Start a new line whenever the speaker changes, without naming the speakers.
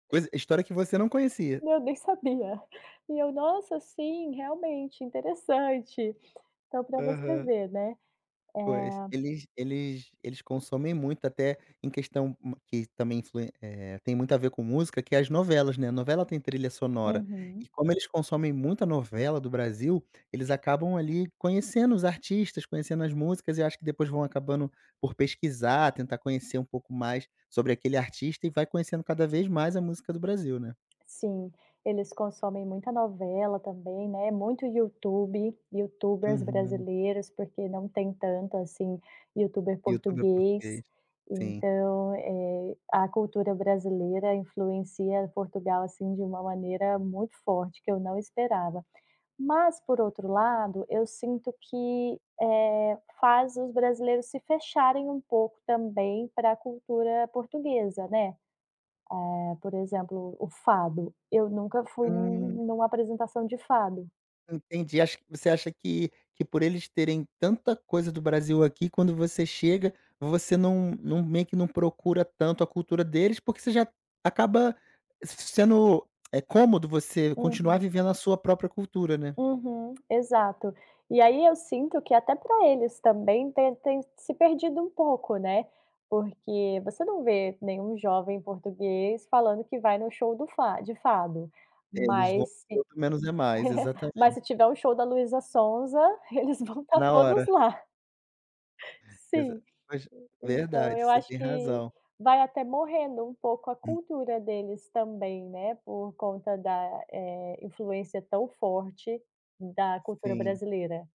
Coisa História que você não conhecia.
Não, nem sabia. E eu: "Nossa, sim, realmente, interessante." Então para você
Aham.
ver, né,
Pois,
eh
eles eles eles consomem muito, até em questão ma que também influ eh, tem muito a ver com música que é as novelas, né, novela tem trilha sonora. E
Uhum.
como eles consomem muita novela do Brasil, eles acabam ali conhecendo os artistas, conhecendo as músicas e acho que depois vão acabando por pesquisar, tentar conhecer um pouco mais sobre aquele artista e vai conhecendo cada vez mais a música do Brasil, né.
Sim, eles consomem muita novela também, né, muito YouTube, youtubers
Uhum.
brasileiros, porque não tem tanto, assim, youtuber
YouTuber
português,
português, sim.
então, eh, a cultura brasileira influencia Portugal, assim, de uma maneira muito forte, que eu não esperava. Mas por outro lado, eu sinto que, eh, faz os brasileiros se fecharem um pouco também para cultura portuguesa, né. Hã, por exemplo o fado, eu nunca fui em
Hum.
uma em uma apresentação de fado.
Entendi, acho que você acha que que por eles terem tanta coisa do Brasil aqui quando você chega, você não não, meio que, não procura tanto a cultura deles, porque você já acaba sendo é cômodo você continuar
Uhum.
vivendo a sua própria cultura, né.
Uhum. Exato. E aí eu sinto que até para eles também tem tem se perdido um pouco, né. Porque você não vê nenhum jovem português falando que vai no show do fa de fado.
É, eles vão
Mas se
[unintelligible] menos é mais,
mas
exatamente.
se tiver o show da Luísa Sonza, eles vão estar
Na hora.
todos lá.
Pois é,
Sim.
mas
Então
verdade,
eu
você
acho
tem
que
razão.
vai até morrendo um pouco a
Hum.
cultura deles também, né, por conta da, eh, influência tão forte da cultura
Sim.
brasileira.